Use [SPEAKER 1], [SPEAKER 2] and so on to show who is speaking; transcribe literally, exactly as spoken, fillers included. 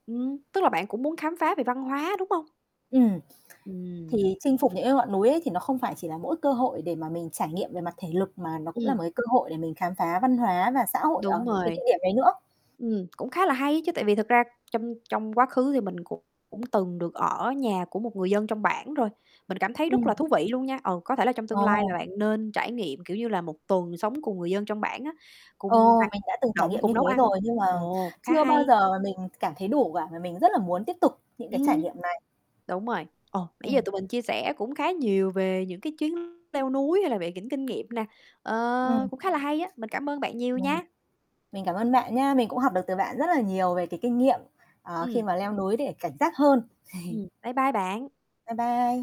[SPEAKER 1] Ừm. Tức là bạn cũng muốn khám phá về văn hóa, đúng hông?
[SPEAKER 2] Ừm.
[SPEAKER 1] Ừm.
[SPEAKER 2] Thì chinh phục những cái ngọn núi ấy thì nó không phải chỉ là mỗi cơ hội để mà mình trải nghiệm về mặt thể lực, mà nó cũng là một
[SPEAKER 1] Ừm.
[SPEAKER 2] cái cơ hội để mình khám phá văn hóa và xã hội ở
[SPEAKER 1] Đúng
[SPEAKER 2] những cái địa
[SPEAKER 1] rồi.
[SPEAKER 2] điểm đấy nữa.
[SPEAKER 1] Ừm, cũng khá là hay ấy chứ, tại vì thực ra trong trong quá khứ thì mình cũng cũng từng được ở nhà của một người dân trong bản rồi. Mình cảm thấy rất
[SPEAKER 2] Ừm.
[SPEAKER 1] là thú vị luôn nha, ờ, có thể là trong tương lai
[SPEAKER 2] Ồ.
[SPEAKER 1] là bạn nên trải nghiệm, kiểu như là, một tuần sống cùng người dân trong bản á, cùng
[SPEAKER 2] Ồ,
[SPEAKER 1] hoạt
[SPEAKER 2] mình đã từng trải
[SPEAKER 1] động,
[SPEAKER 2] nghiệm như
[SPEAKER 1] cùng
[SPEAKER 2] thế
[SPEAKER 1] nấu ăn.
[SPEAKER 2] rồi, nhưng mà
[SPEAKER 1] Ồ, khá
[SPEAKER 2] chưa bao
[SPEAKER 1] hay.
[SPEAKER 2] giờ mình cảm thấy đủ cả, mà mình rất là muốn tiếp tục những cái
[SPEAKER 1] Ừm.
[SPEAKER 2] trải nghiệm này.
[SPEAKER 1] Đúng rồi. Ồ, nãy giờ
[SPEAKER 2] Ừm.
[SPEAKER 1] tụi mình chia sẻ cũng khá nhiều về những cái chuyến leo núi, hay là về những kinh nghiệm nè, ờ,
[SPEAKER 2] Ừm.
[SPEAKER 1] cũng khá là hay á, mình cảm ơn bạn nhiều
[SPEAKER 2] Ừm.
[SPEAKER 1] nha.
[SPEAKER 2] Mình cảm ơn bạn nhá. Mình cũng học được từ bạn rất là nhiều về cái kinh nghiệm, ờ, khi
[SPEAKER 1] Ừm.
[SPEAKER 2] mà leo núi để cảnh giác hơn.
[SPEAKER 1] Ừm. Bye bye bạn.
[SPEAKER 2] Bye bye.